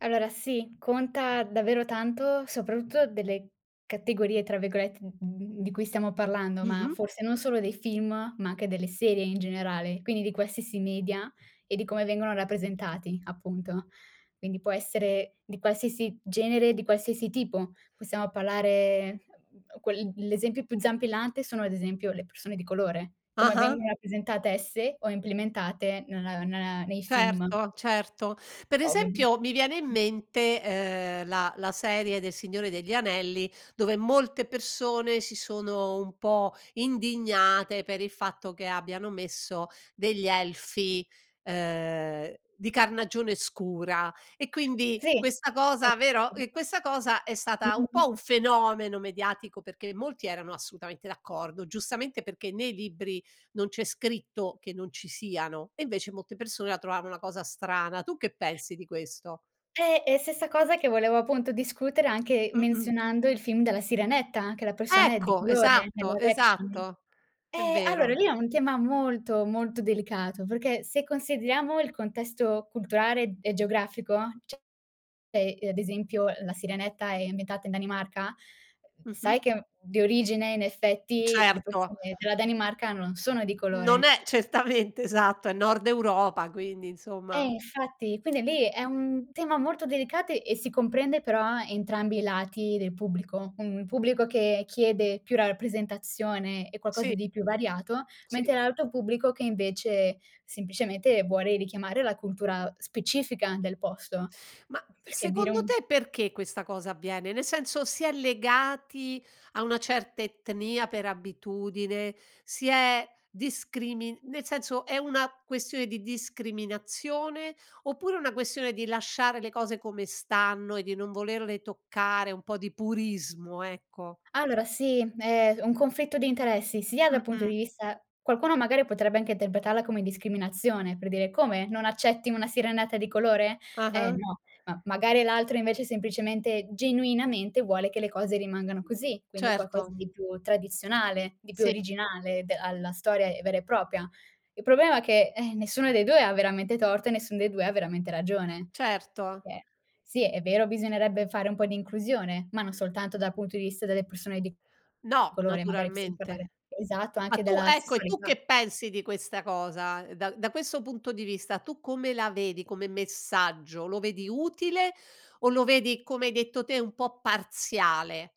Allora sì, conta davvero tanto soprattutto delle "categorie" tra virgolette d di cui stiamo parlando, ma Mh-mh. forse non solo dei film, ma anche delle serie in generale, quindi di qualsiasi media, e di come vengono rappresentati, appunto. Quindi può essere di qualsiasi genere, di qualsiasi tipo. Possiamo parlare, [unintelligible] quel l'esempio più zampillante, sono ad esempio le persone di colore, come Ah-ah. vengono rappresentate esse, o implementate nella nella nei film. Certo, certo. Per [unintelligible] esempio mi viene in Mh. mente, ehm, la la serie de Il Signore degli Anelli, dove, molte persone si sono un po' indignate, per il fatto che abbiano messo degli elfi, ehm, di carnagione scura e quindi Si. questa cosa, vero [unintelligible] questa cosa è Mh, stata mh, un mh. po' un fenomeno mediatico, perché molti erano assolutamente d'accordo, giustamente, perché nei libri non c'è scritto che non ci siano, e invece molte persone la trovavano una cosa strana. Tu che pensi di questo? Eh! E stessa cosa, che volevo appunto discutere anche Mh-mh. menzionando il film della Sirenetta, anche la persona è di Ecco! colore nel Esatto, live action. esatto. È Eh, allora, vero. lì è un tema molto, molto delicato, perché se consideriamo il contesto culturale e geografico, cioè ad esempio la Sirenetta è ambientata in Danimarca? [unintelligible] Mh-mh. Sai che di origine, in effetti, le Certo. persone della Danimarca non sono di Non colore. è certamente, esatto, è Nord Europa quindi, Eh, insomma infatti, quindi lì, è un tema molto delicate, e si comprende però entrambi i lati del pubblico: un pubblico che chiede più rappresentazione e qualcosa Sì. di più variato; Sì. mentre l'altro pubblico che invece, semplicemente, vuole richiamare la cultura specifica del posto. Ma, Uhm, perché dire secondo un te, perché questa cosa avviene? Nel senso, si è legati a una certa etnia per abitudine? Si è discrimin nel senso, è una questione di discriminazione, oppure una questione di lasciare le cose come stanno, e di non volerle toccare, un po' di purismo, ecco. Allora sì, è un conflitto di interessi, sia dal punto Mh-mh. di vista qualcuno magari potrebbe anche interpretarla come discriminazione, per dire: "Come?! Non accetti una sirenetta di colore? Eh Ah-ah. no!" Ma magari l'altro invece semplicemente, genuinamente, vuole che le cose rimangano così, quindi qualcosa Certo. di più tradizionale, di più Sì. originale, de alla storia vera e propria. Il problema è che, eh, nessuno dei 2 ha veramente torto, e nessun dei 2 ha veramente ragione. Certo. Eh, sì, è vero, bisognerebbe fare un po' di inclusione, ma non soltanto dal punto di vista delle persone di No, colore, magari possiam parlare naturalmente. esatto, Ma anche tu della ecco, e tu, sessualità. che pensi di questa cosa? Da da questo punto di vista, tu come la vedi come messaggio, lo vedi utile, o lo vedi, come hai detto te, un po' parziale?